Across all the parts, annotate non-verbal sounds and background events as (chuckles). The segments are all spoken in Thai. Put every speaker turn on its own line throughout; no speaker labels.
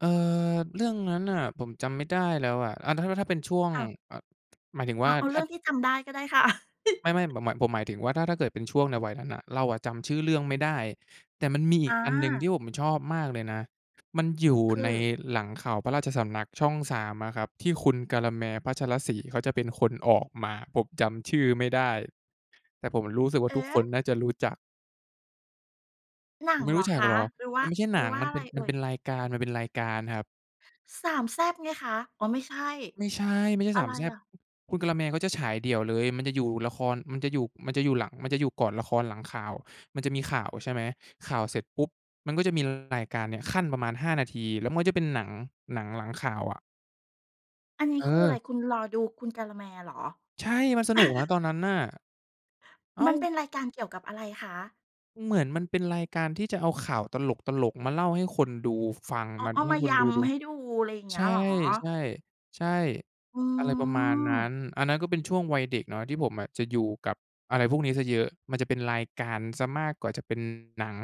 เออ เรื่องนั้นน่ะผมจำไม่ได้แล้วอะ อา ถ้า ถ้าเป็นช่วง
อ้าว
เอ่อ หมายถึง
อ
ว
๋อ
่า
เอา
ถ
เร
้
ื่
า
องที่จำได้ก็ได้ค่ะ
ไม่
(laughs)
ๆ ผมหมาย ผมหมายถึงว่าถ้า ถ้าเกิดเป็นช่วงในวัยนั้นน่ะ เราอะจำชื่อเรื่องไม่ได้ แต่มันมีอี
อ
กอันหนึ่งที่
า
ผมชอบมากเลยนะ มันอยู่
ค
ใน
ือ
หลังข่าวพระราชสำนักช่อง 3 อะครับ ที่คุณกาละแมร์ พัชรศรี เขาจะเป็นคนออกมา ผมจำชื่อไม่ได้ แต่ผมรู้สึกว่
เ
า
อ
ทุ
๊
กค
ะ!
นน่าจะรู้จัก
หนั
คุ
ง
ณไม่
เหร
รู้
อ
จั
ค
กเ
ะ
หรอ?
หรือว่
ม
า
ันไม่ใช่
ห
ห
ร
น
ือ
ัง
ว่า
มัน
อะ
เ
ไ
ป็
ร
น
เอ
มั
่
นเป
ย?
็นรายการ มันเป็นรายการครับ
3 แซ่บไงคะ อ๋อ ไม่ใช่
ไม่ใช่ ไม่ใช่
อะไ
3
ร
แซ่บ
อะ?
คุณกาละแมร์เขาจะฉายเดี่ยวเลย มันจะอยู่ละคร มันจะอยู่ มันจะอยู่หลัง มันจะอยู่ก่อนละครหลังข่าว มันจะมีข่าว ใช่ไหม ข่าวเสร็จปุ๊บมันก็จะมีรายการเนี่ยคั่นประมาณ 5 นาที แล้วมันก็จะเป็นหนัง หนังหลังข่าวอะ
อันนี้
เ
คืออะ
อ
ไร
อ
คุณรอดูคุณกาละแมร์เหรอ?
ใช่ มันสนุกนะตอน
(chuckles)
นั้นน่ะ อ้า
มันเป
ว!
็นรายการเกี่ยวกับอะไรคะ?
เหมือนมันเป็นรายการที่จะเอาข่าวตลก ๆ มาเล่าให้คนดูฟัง
อ๋อ
มา
เอา
ให
ม
้
า
ค
ย
นดูดู
ำให้ดู อะไรอย่างเง
ใ
ี้
ช
ยเ
่
หรอ?
ใช่ ใช่
อื
อะไรประมาณนั้น
ม
อันนั้นก็เป็นช่วงวัยเด็กเนาะ ที่ผมอะจะอยู่กับอะไรพวกนี้เสียเยอะ มันจะเป็นรายการเสียมากกว่าจะเป็นหนัง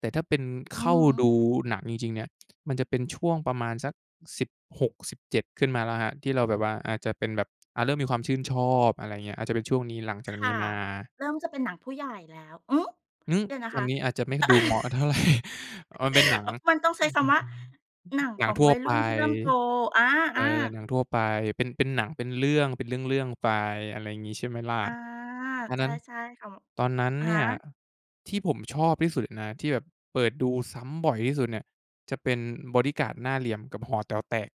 แต่ถ้าเป็น
อื
เข้
อ
า
ฮ
ด
ึ
ูหนังจริง ๆ เนี่ย มันจะเป็นช่วงประมาณสัก 16-17 ขึ้นมาแล้วครับ ที่เราแบบว่าอาจจะเป็นแบบ อา เริ่มมีความชื่นชอบ อะไรเงี้ย อาจจะเป็นช่วงนี้หลังจาก
ค
นี
่
้
ะ
มา
เริ่มจะเป็นหนังผู้ใหญ่แล้ว อืม
หือ
เดี๋ยวน
ค
ะคะ
ำนี้อาจจะไม่ดูเหมาะเท่าไร (chuckles) อา มันเป็นหนั
(laughs) อ
ง
มันต้องใช้คำว่า "หน
(unintelligible)
ัง
หน
ข
ัง
อง
ทั่
ว
ว
ัย
ไป
รุ่นที่เริ่มโต" อา
เอ
อ
อ
า
หนังทั่วไป เป็น เป็นหนัง เป็นเรื่อง เป็นเรื่อง ๆ ไป อะไรงี้ ใช่ไหมล่ะ
อา
อัน
ใช
นั
่
้น
ใช่ค่ะ
ตอนนั้น
อะฮ
เนี่ย
ะ
ที่ผมชอบที่สุดเลยนะ ที่แบบเปิดดูซ้ำบ่อยที่สุดเนี่ย จะเป็น "บอดี้การ์ดหน้าเหลี่ยม" กับ "หอแต๋วแตก"